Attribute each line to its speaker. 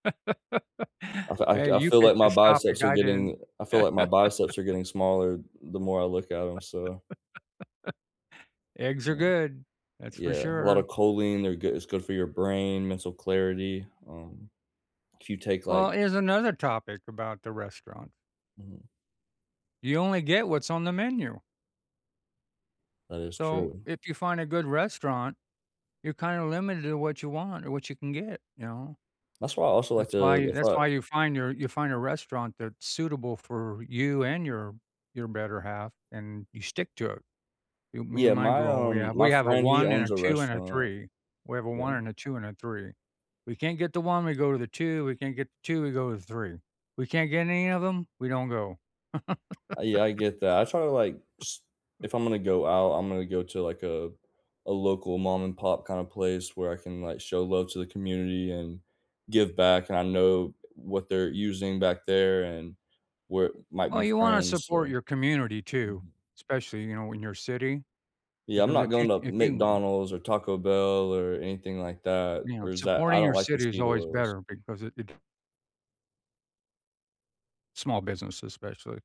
Speaker 1: Also, I
Speaker 2: Hey,
Speaker 1: c I
Speaker 2: you
Speaker 1: feel like
Speaker 2: picked
Speaker 1: my
Speaker 2: this topic,
Speaker 1: biceps are
Speaker 2: I didn't.
Speaker 1: getting I feel like my biceps are getting smaller the more I look at 'em, so
Speaker 2: Eggs are
Speaker 1: Mm,
Speaker 2: good, that's for
Speaker 1: yeah, a lot of
Speaker 2: sure.
Speaker 1: choline, they're goo it's good for your brain, mental clarity, um, if you take, like
Speaker 2: Well, here's another topic about the restaurant.
Speaker 1: Mhm.
Speaker 2: You only get what's on the menu.
Speaker 1: That is
Speaker 2: So,
Speaker 1: true.
Speaker 2: if you find a good restaurant, you're kind of limited to what you want or what you can get. You know
Speaker 1: That's why I also like
Speaker 2: that's
Speaker 1: to
Speaker 2: why
Speaker 1: to
Speaker 2: that's
Speaker 1: fi
Speaker 2: why you find your, you find a restaurant that's suitable for you, and your, your better half, and you stick to it. Y me
Speaker 1: Yeah,
Speaker 2: and my
Speaker 1: my,
Speaker 2: girl, we
Speaker 1: um,
Speaker 2: have
Speaker 1: my
Speaker 2: we have a
Speaker 1: friend, he
Speaker 2: 1, and
Speaker 1: owns
Speaker 2: a
Speaker 1: a
Speaker 2: 2, and a
Speaker 1: restaurant.
Speaker 2: 3 we have a
Speaker 1: Yeah.
Speaker 2: 1, and a 2, and a 3. We can't get the 1, we go to the 2, we can't get the 2, we go to the 3. We can't get any of them, we don't go.
Speaker 1: Uh, yeah, I get that. I try to, like, s if I'm gonna go out, I'm gonna go to, like, a a local mom and pop kind of place where I can, like, show love to the community, and give back, and I know what they're using back there, and where might
Speaker 2: Oh,
Speaker 1: be
Speaker 2: you wanna
Speaker 1: friends,
Speaker 2: support
Speaker 1: so,
Speaker 2: your community too,
Speaker 1: mhm.
Speaker 2: especially, you know, in your city,
Speaker 1: Yeah, I'm
Speaker 2: because
Speaker 1: not
Speaker 2: if you
Speaker 1: going to
Speaker 2: if you, uh
Speaker 1: McDonald's, or Taco Bell, or anything like that,
Speaker 2: you know,
Speaker 1: or it's that I
Speaker 2: supporting
Speaker 1: don't
Speaker 2: your
Speaker 1: like the
Speaker 2: city is
Speaker 1: seed
Speaker 2: always
Speaker 1: oils.
Speaker 2: better, because it it small businesses, especially.